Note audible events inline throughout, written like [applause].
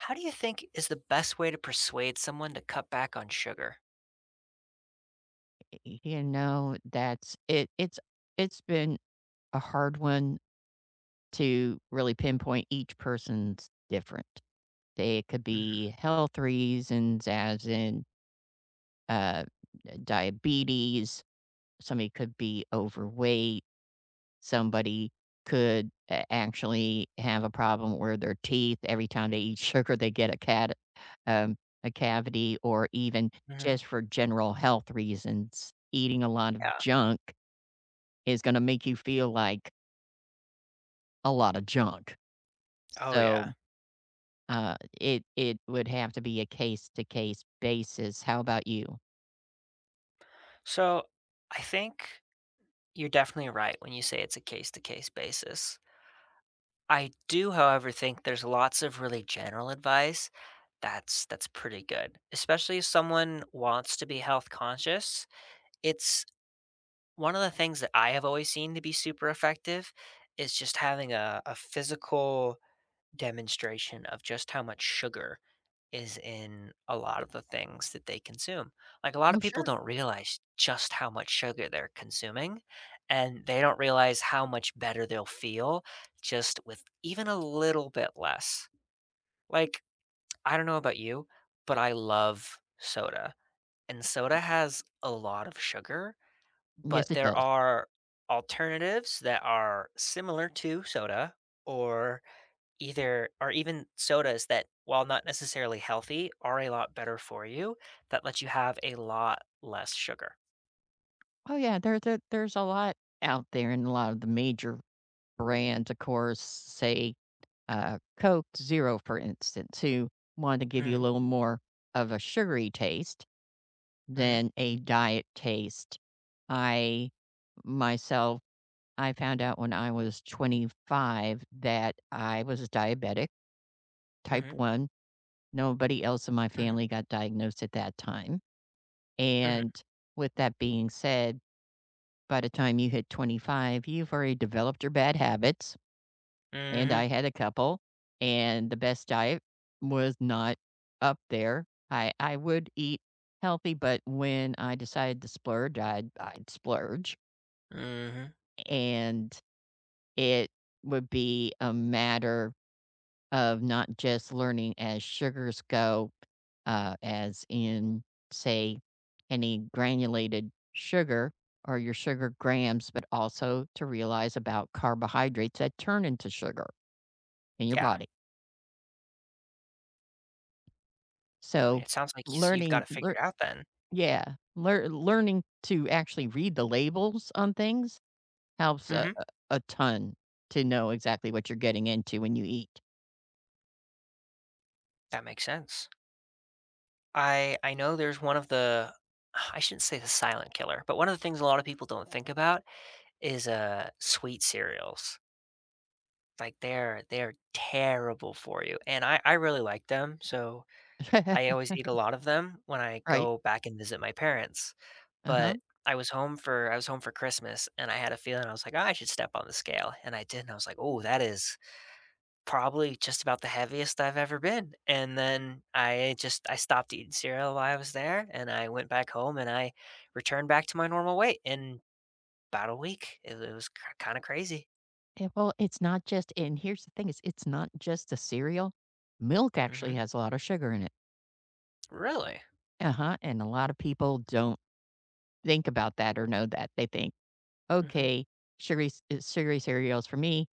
How do you think is the best way to persuade someone to cut back on sugar? E eh y you know, that's it it's it's been a hard one to really pinpoint, each person's different. It could be Mhm. health reasons as in uh, d diabetes. Somebody could be overweight. Somebody could a actually have a problem where their teeth every time they eat sugar, they get a cad um, a cavity, or even Mhm. just for general health reasons. Eating a lot of Yeah. junk is gonna make you feel like a lotta junk. Oh, yeah. So, uh, it it would have to be a case-to-case basis. How about you? So I think you're definitely right when you say it's a case-to-case basis. I do, however, think there's lots of really general advice that's that's pretty good, especially if someone wants to be health-conscious. It's One of the things that I have always seen to be super effective is just having a a physical demonstration of just how much sugar is in a lot of the things that they consume. Like, a lotta No, people sure. don't realize just how much sugar they're consuming, and they don't realize how much better they'll feel just with even a little bit less. Like, I don't know about you, but I love soda, and soda has a lot of sugar. Yes, But it there does. are alternatives that are similar to soda or either or even sodas that, while not necessarily healthy, are a lot better for you that lets you have a lot less sugar. Oh, yeah, there there there's a lot out there, and a lot of the major brands, of course, say, uh, Coke Zero, for instance, who want to give you a Hm. little more of a sugary taste, Mhm. than a diet taste. I, myself I found out when I was 25 that I was a diabetic. Type Mhm. 1. Nobody else in my Mhm. family got diagnosed at that time. Mhm. And, with that being said, by the time you hit 25, you've already developed your bad habits, and I Mhm. had a couple, and the best diet was not up there. I I would eat healthy, but when I decided to splurge, I'd I'd splurge Mhm. and it would be a matter of not just learning as sugars go, uh, as in, say, any granulated sugar, or your sugar grams, but also to realize about carbohydrates that turn into sugar in your Yeah. body. I So, mean, it sounds like you see you've learning gotta figure lear out then. Yeah, lear learning to actually read the labels on things helps a Mhm. a a ton to know exactly what you're getting into when you eat. That makes sense. I I know there's one of the [sighs] I shouldn't say the silent killer, but one of the things a lot of people don't think about is, uh, sweet cereals. Like, they're they're terrible for you, and I I really like them, so, I always eat a [laughs] lot of them when I Right. go back and visit my parents, Uh-huh. but I was home for I was home for Christmas, and I had a feeling, I was like, "Oh, I should step on the scale," and I did, and I was like, "Ooh, that is probably just about the heaviest I've ever been," and then I just I stopped eating cereal while I was there, and I went back home, and I returned back to my normal weight in 'bout a week, it it was k kinda crazy. It well, it's not just and here's the thing is it's not just the cereal, milk actually Mhm. has a lot of sugar in it. Really? Uh-huh, and a lotta people don't think about that or know that. They think, Mhm. "Okay, sugary ce sugary cereal's for me."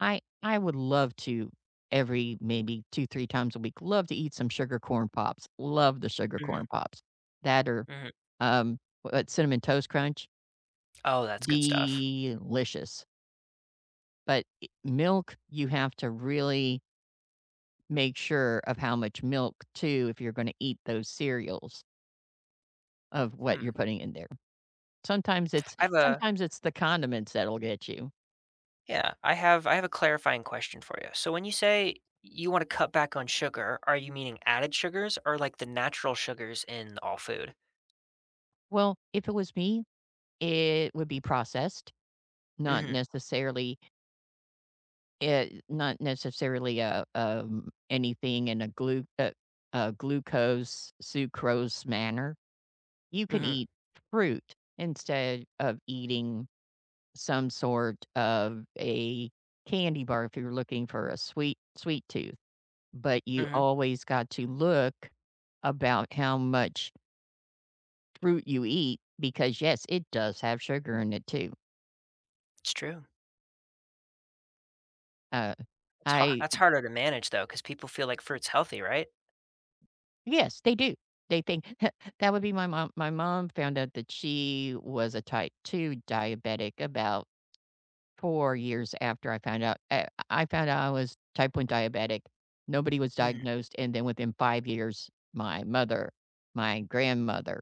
I I would love to, every maybe 2 3 times a week, love to eat some Sugar Corn Pops. Love the Sugar Mhm. Corn Pops. That or, Mhm. um, what Cinnamon Toast Crunch. Oh, that's good stuff. Delicious. But, eh milk, you have to really make sure of how much milk, too, if you're gonna eat those cereals of what Hmm. you're putting in there. Sometimes it's I've a sometimes it's the condiments that'll get you. Yeah, I have I have a clarifying question for you. So, when you say you wanna cut back on sugar, are you meaning added sugars or, like, the natural sugars in all food? Well, if it was me, it would be processed, not Mhm. necessarily eh, not necessarily, uh, um, anything in a glu a a glucose, sucrose manner. You can Mhm. eat fruit instead of eating some sort of a candy bar if you're looking for a sweet sweet tooth. But you Mhm. always got to look about how much Fruit you eat because, yes, it does have sugar in it, too. It's true. Uh, It's har I, that's d harder to manage, though, 'cause people feel like fruit's healthy, right? Yes, they do, they think [chuckles] that would be my mom my mom found out that she was a type 2 diabetic about 4 years after I found out uh, I found out I was type 1 diabetic. Nobody was Mhm. diagnosed, and then within 5 years, my mother, my grandmother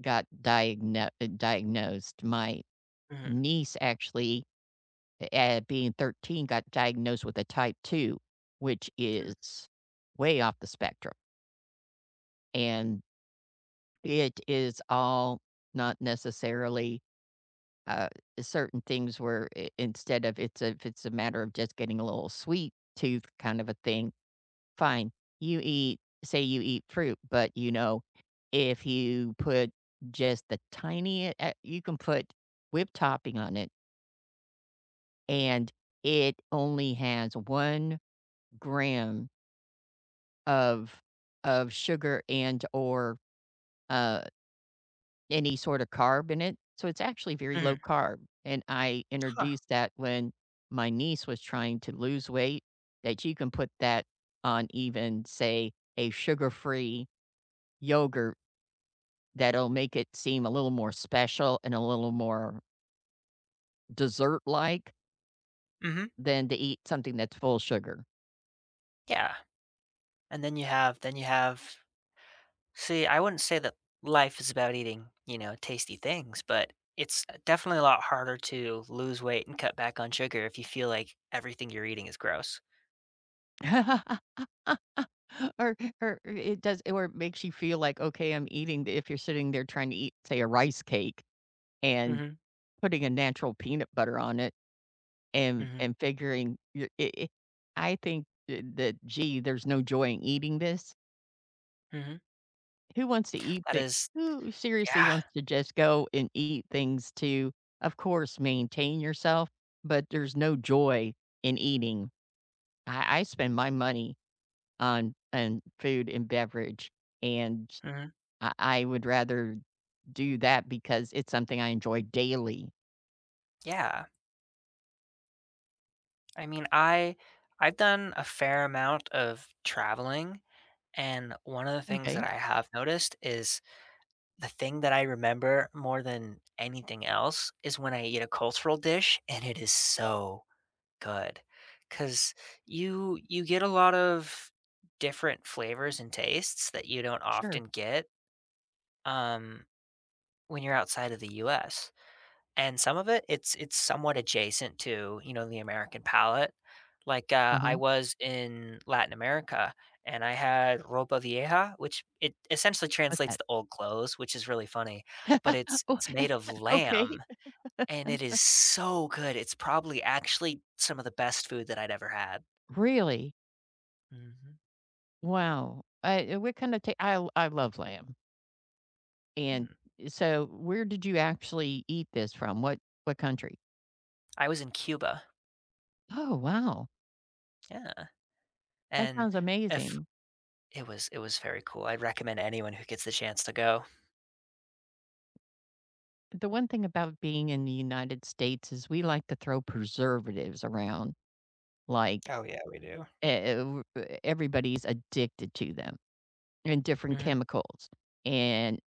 got diagno diagnosed, my Mhm. niece actually, uh eh, being 13, got diagnosed with a type 2, which Hmm. is way off the spectrum. And it is all not necessarily, uh, certain things where i instead of it's a if it's a matter of just getting a little sweet tooth kind of a thing, fine. You eat say you eat fruit, but you know, if you put just the tinie eh, you can put whipped topping on it And it only has 1 gram of of sugar and/or, uh any sorta carb in it, so it's actually very Mhm. low-carb, and I Huh. introduced that when my niece was trying to lose weight, that you can put that on even, say, a sugar-free yogurt that'll make it seem a little more special and a little more dessert-like Mhm. than to eat something that's full of sugar. Yeah. And then you have then you have See, I wouldn't say that life is about eating, you know, tasty things, but it's, uh, definitely a lot harder to lose weight and cut back on sugar if you feel like everything you're eating is gross. [laughs] Or or i it does or it makes you feel like, "Okay, I'm eating d" if you're sitting there tryna eat, say, a rice cake, and Mhm. putting a natural peanut butter on it, and Mhm. and figuring your i i I think, eh, that, "Gee, there's no joy in eating this" Mhm. Who wants to eat That thi is who seriously Yeah. wants to just go and eat things to, of course, maintain yourself, but there's no joy in eating. I I spend my money on on food and beverage, and Mhm. I I would rather do that because it's something I enjoy daily. Yeah. I mean, I I've done a fair amount of traveling, and one of the things that M'kay. I have noticed is, the thing that I remember more than anything else, is when I eat a cultural dish and it is so good, 'cause you you get a lot of different flavors and tastes that you don't Sure. often get, um, when you're outside of the US. And some of it, it's it's somewhat adjacent to, you know, the American palate. Like, uh, I Uh-huh. was in Latin America and I had Ropa Vieja, which it essentially What's translates that? to old clothes, which is really funny, but [laughs] it's Oh, it's made of okay. lamb and it is so good. It's probably actually some of the best food that I'd ever had. Really? Mhm. Wow. Uh, i what kind of ta I I love lamb. And Hmm. so where did you actually eat this from? What what country? I was in Cuba. Oh, wow. Yeah. That And sounds if amazing. It was it was very cool. I'd recommend anyone who gets the chance to go. The one thing about being in the United States is we like to throw preservatives around, like, Oh, yeah, we do. eh eh w e everybody's addicted to them, and different Mhm. chemicals, and,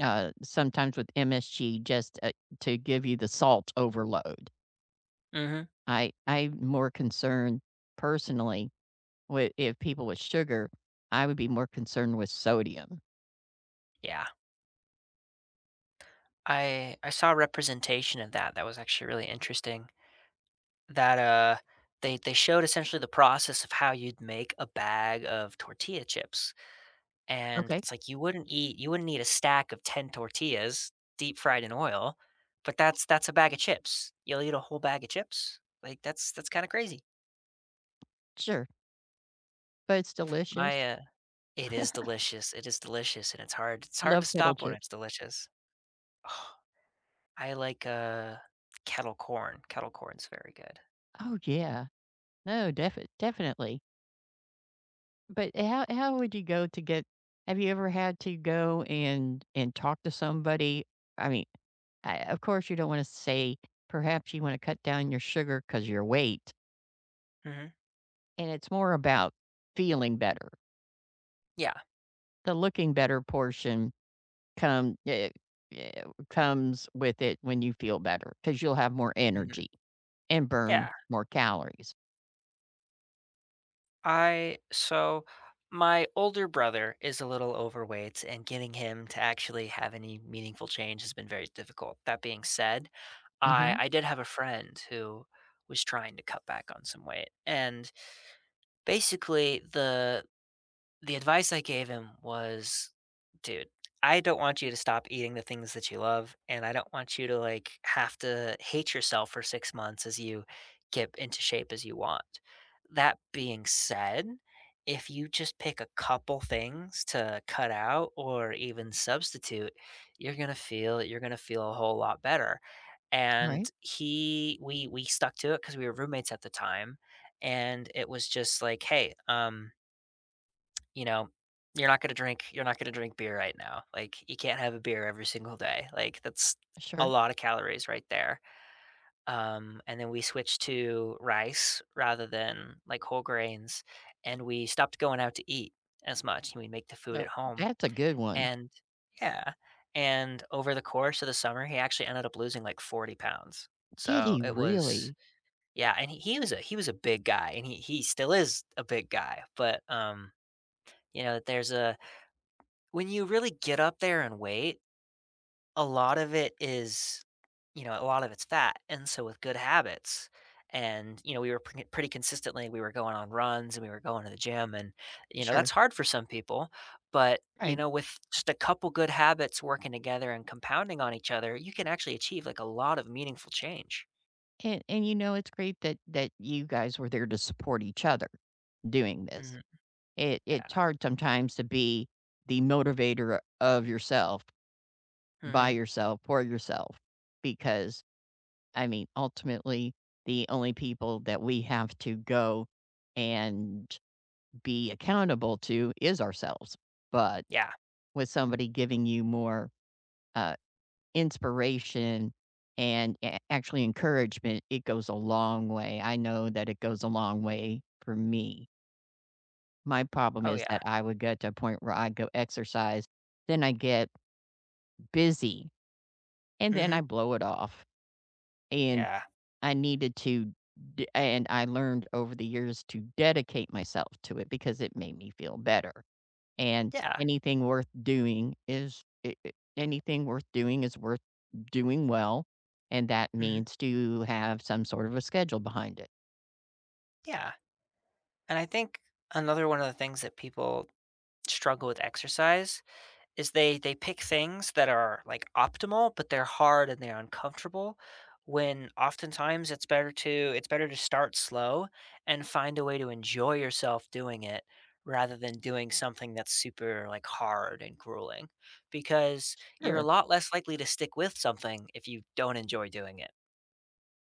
uh, sometimes with MSG just, uh, to give you the salt overload. Mhm. I I'm more concerned personally wi if people with sugar, I would be more concerned with sodium. Yeah. I I saw a representation of that that was actually really interesting, that, uh they they showed essentially the process of how you'd make a bag of tortilla chips, and Okay. it's like you wouldn't eat you wouldn't eat a stack of 10 tortillas deep-fried in oil, but that's that's a bag of chips. You'll eat a whole bag of chips. Like, that's that's kinda crazy. Sure. But, it's delicious. My, uh it is [chuckles] delicious, it is delicious and it's hard it's I hard to love kettle stop when it's chips. delicious. I like, uh, kettle corn, kettle corn's very good. Oh, yeah. No, def definitely. But ho how would you go to get have you ever had to go and and talk to somebody? I mean, uh, of course you don't wanna say, "Perhaps you wanna cut down your sugar 'cause your weight." Mhm. And it's more about feeling better. Yeah. The looking-better portion come Yeah ye yeah comes with it when you feel better, 'cause you'll have more Mhm. energy and burn Yeah. more calories. I so, my older brother is a little overweight, and getting him to actually have any meaningful change has been very difficult, that being said, I Mhm. I did have a friend who was trying to cut back on some weight, and, basically the the advice I gave him was, "Dude, I don't want you to stop eating the things that you love, and I don't want you to, like, have to hate yourself for 6 months as you get into shape as you want. That being said, if you just pick a couple things to cut out or even substitute, you're gonna feel you're gonna feel a whole lot better," and Right. he we we stuck to it 'cause we were roommates at the time, and it was just like, "Hey, um" "you know, you're not gonna drink you're not gonna drink beer right now, like, you can't have a beer every single day, like, that's a Sure. lotta calories right there." Um, and then we switched to rice rather than, like, whole grains, and we stopped going out to eat as much, and we'd make the food No at home. that's a good one. And Yeah, and over the course of the summer, he actually ended up losing, like, 40 pounds. Did So, he it was really? yeah, and he he was a he was a big guy, and he he still is a big guy, but, um, you know, there's a when you really get up there in weight, a lot of it is you know, a lot of it's fat, and so, with good habits and, you know, we were pr pretty consistently we were going on runs and we were going to the gym and, you know, Sure. that's hard for some people, but, you Right. know, with just a couple good habits working together and compounding on each other, you can actually achieve, like, a lot of meaningful change. An and you know, it's great that that you guys were there to support each other doing this. Mhm. It it's Yeah. hard sometimes to be the motivator of yourself, by Mhm. yourself for yourself, because, I mean, ultimately, the only people that we have to go and be accountable to is ourselves, but Yeah. with somebody giving you more, uh, inspiration and a actually encouragement, it goes a long way, I know that it goes a long way for me. My problem Oh, is yeah. that I would get to a point where I'd go exercise, then I get busy, and then I Mhm. blow it off. And Yeah. I needed to d and I learned over the years to dedicate myself to it because it made me feel better. And Yeah. anything worth doing is, eh eh, anything worth doing is worth doing well, and that Mhm. means to have some sort of a schedule behind it. Yeah. And I think another one of the things that people struggle with exercise is they they pick things that are, like, optimal, but they're hard and they're uncomfortable, when oftentimes it's better to it's better to start slow and find a way to enjoy yourself doing it rather than doing something that's super, like, hard and grueling. Because you're a Sure. lot less likely to stick with something if you don't enjoy doing it.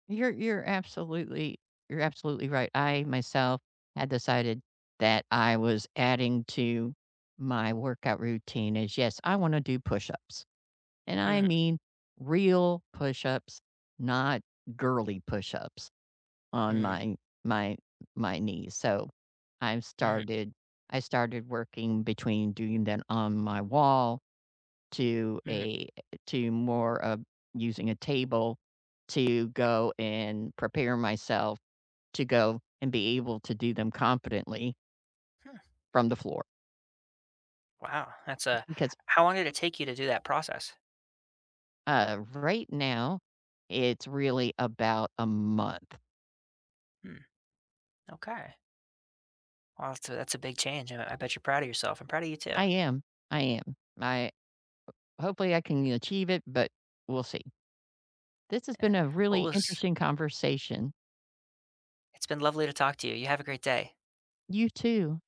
You're you're absolutely you're absolutely right. I myself had decided that I was adding to my workout routine is, "Yes, I wanna do push-ups, and I Mhm. mean real push-ups, not girly push-ups on Hmm. my my my knees." So I've Mhm. started I started working between doing them on my wall to Mhm. a, eh, to more of using a table to go and prepare myself to go and be able to do them competently. Hmm. From the floor. Wow, that's a Because How long did it take you to do that process? Uh, right now it's really about a month. Mm. Okay. Well, that's a that's a big change. I I bet you're proud of yourself. I'm proud of you too. I am. I am. I uh, hopefully I can achieve it, but we'll see. This has Eh. been a What really was interesting conversation. It's been lovely to talk to you. You have a great day. You too.